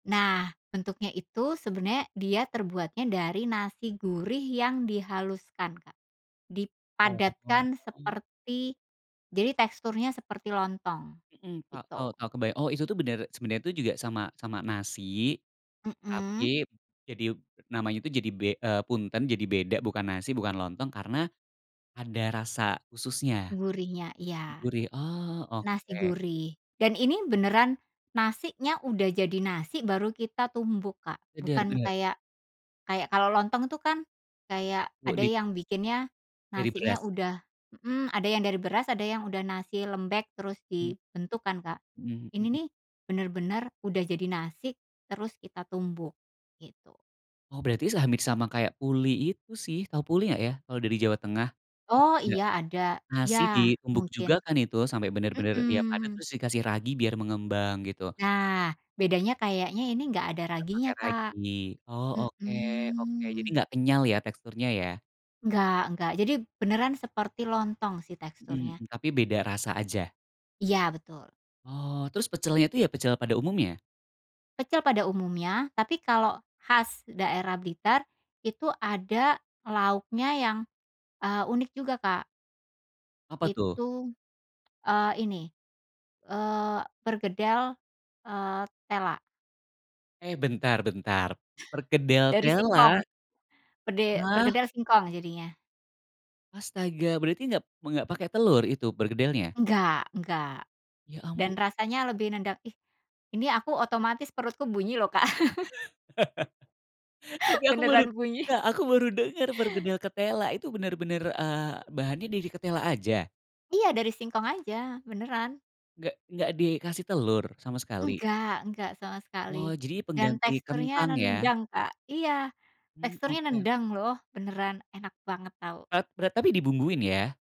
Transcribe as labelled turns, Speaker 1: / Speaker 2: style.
Speaker 1: Nah, bentuknya itu sebenarnya dia terbuatnya dari nasi gurih yang dihaluskan Kak.
Speaker 2: Oh.
Speaker 1: Dipadatkan seperti jadi teksturnya seperti lontong.
Speaker 2: Hmm Kak, tahu
Speaker 1: Gitu.
Speaker 2: tahu kebay oh itu tuh benar, sebenarnya juga sama sama nasi,
Speaker 1: Mhm.
Speaker 2: tapi, jadi namanya itu jadi be eee, punten, jadi beda bukan nasi bukan lontong karena, ada rasa khususnya.
Speaker 1: Gurihnya. Iya.
Speaker 2: Gurih. Oh,
Speaker 1: Nasi
Speaker 2: oke.
Speaker 1: gurih. Dan ini beneran nasinya udah jadi nasi, baru kita tumbuk Kak.
Speaker 2: Benar
Speaker 1: Bukan
Speaker 2: benar.
Speaker 1: kayak kayak kalau lontong tuh kan, kayak
Speaker 2: Oh
Speaker 1: ada
Speaker 2: di
Speaker 1: yang bikinnya
Speaker 2: Dari
Speaker 1: nasinya
Speaker 2: beras.
Speaker 1: udah hmm, ada yang dari beras, ada yang udah nasi lembek terus
Speaker 2: Mmm.
Speaker 1: dibentuk kan Kak.
Speaker 2: Mhm,
Speaker 1: Ini
Speaker 2: mmm.
Speaker 1: nih, benar-benar udah jadi nasi, terus kita tumbuk. Gitu.
Speaker 2: Oh berarti se hampir sama kayak pulih itu sih, tahu pulih nggak ya, kalau dari Jawa Tengah. Itu
Speaker 1: Oh,
Speaker 2: juga,
Speaker 1: iya ada. Iya,
Speaker 2: nasi ditumbuk
Speaker 1: mungkin.
Speaker 2: juga kan itu, sampai benar-benar dia padat
Speaker 1: Mmm.
Speaker 2: terus dikasih ragi biar mengembang, gitu.
Speaker 1: Nah, bedanya kayaknya ini nggak ada
Speaker 2: Enggak pake
Speaker 1: raginya Kak.
Speaker 2: ragi. Oh oke oke, jadi
Speaker 1: Hmm.
Speaker 2: nggak kenyal ya teksturnya ya?
Speaker 1: Enggak enggak. Jadi beneran seperti lontong sih
Speaker 2: Hmm
Speaker 1: teksturnya.
Speaker 2: hmm. Tapi beda rasa aja.
Speaker 1: Iya betul.
Speaker 2: Oh, terus pecelnya itu ya pecel pada umumnya?
Speaker 1: Kecil pada umumnya, tapi kalau khas daerah Blitar itu, ada lauknya yang, eee, unik juga Kak.
Speaker 2: Apa tuh?
Speaker 1: Itu, eee, ini, eee, perkedel, eee, tela.
Speaker 2: Eh bentar bentar, perkedel
Speaker 1: Dari singkong.
Speaker 2: tela?
Speaker 1: Pede
Speaker 2: Hah?
Speaker 1: perkedel singkong jadinya.
Speaker 2: Astaga, berarti enggak enggak pake telur itu perkedelnya?
Speaker 1: Enggak enggak.
Speaker 2: Ya
Speaker 1: Dan
Speaker 2: ampun.
Speaker 1: rasanya lebih nendang ih, ini aku otomatis perutku bunyi loh Kak.
Speaker 2: Tapi aku baru,
Speaker 1: Beneran bunyi.
Speaker 2: Kak, aku baru dengar perkedel ketela. Itu benar-benar, eee, bahannya dari ketela aja?
Speaker 1: Iya dari singkong aja. Beneran.
Speaker 2: Nggek nggak dikasih telur? Sama sekali?
Speaker 1: Enggak enggak sama
Speaker 2: Oh,
Speaker 1: sekali.
Speaker 2: jadi
Speaker 1: Dan
Speaker 2: pengganti
Speaker 1: teksturnya
Speaker 2: kentang ya?
Speaker 1: nendang Kak. Iya,
Speaker 2: Mmm,
Speaker 1: teksturnya
Speaker 2: oke.
Speaker 1: nendang loh, beneran, enak banget tau.
Speaker 2: E berat tapi dibumbuin ya?